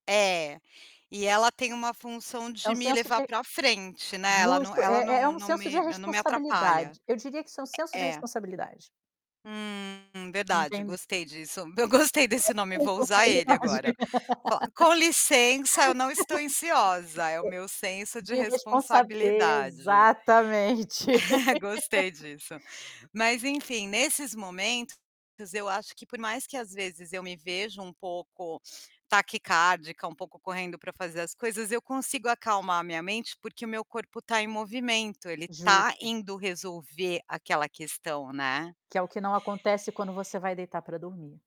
É, e ela tem uma função É de um me senso levar de pra frente, né, ela não justo, ela é é não um não senso de me não me atrapalha. responsabilidade. Eu diria que isso é um senso de Eh, é. responsabilidade. Hum, verdade, Entendi gostei disso. Eu gostei desse Senso nome, de vou usar ele responsabilidade. agora. Fal com licença, eu não É. estou ansiosa, é o meu senso de De responsa responsabilidade. exatamente. Gostei disso. Mas, enfim, nesses momentos, eu acho que por mais que, às vezes, eu me vejo um pouco taquicárdica, um pouco correndo pra fazer as coisas, eu consigo acalmar a minha mente, porque o meu corpo tá em movimento, ele tá Justo. indo resolver aquela questão, né. Que é o que não acontece quando você vai deitar pra dormir.